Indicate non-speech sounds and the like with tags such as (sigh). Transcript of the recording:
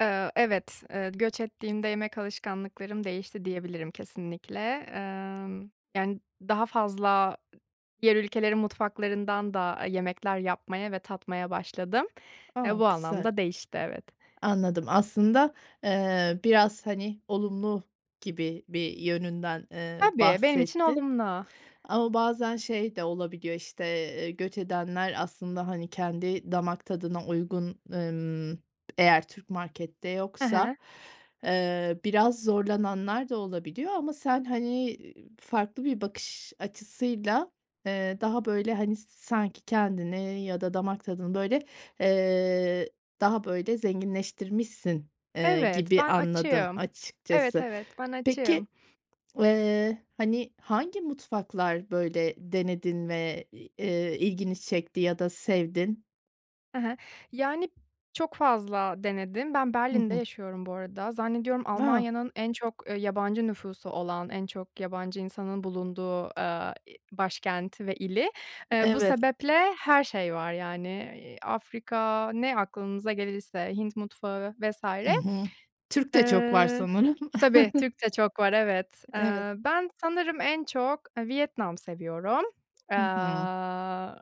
Eee, evet, eee, göç ettiğimde yemek alışkanlıklarım değişti diyebilirim kesinlikle. Emm, yani daha fazla diğer ülkelerin mutfaklarından da yemekler yapmaya ve tatmaya başladım. Eee, A, bu güzel. anlamda değişti, evet. Anladım. Aslında, eee, biraz, hani, olumlu gibi bir yönünden, eee, Tabii, benim için bahsettin. olumlu. Ama bazen şey de olabiliyor, işte, eee, göç edenler aslında, hani, kendi damak tadına uygun, ımm, eğer Türk markette He he. yoksa, eee, biraz zorlananlar da olabiliyor ama sen, hani, e ııı, farklı bir bakış açısıyla, eee, daha böyle, hani, sanki kendini ya da damak tadını böyle, eee, daha böyle zenginleştirmişsin, eee, Evet, gibi ben anladım açığım. Evet, açıkçası. evet ben açığım. Peki, eee, hani, hangi mutfaklar böyle denedin ve, i eee, ilgini çekti ya da sevdin? He he. Yani, çok fazla denedim. Ben Hı Berlin'de hı. yaşıyorum bu arada. Zannediyorum Va Almanya'nın en çok, eee, yabancı nüfusu olan, en çok yabancı insanın bulunduğu, aaa, i başkenti ve ili. E Eee, bu evet. sebeple her şey var yani. Eee, Afrika, ne aklınıza gelirse, Hint mutfağı vs. Hı hı. Türk de çok var Eee sanırım. Tabii, Türk (chuckles) de çok var, evet. Evet. Eee, ben sanırım en çok, eee, Vietnam seviyorum. Hı hı. Aaa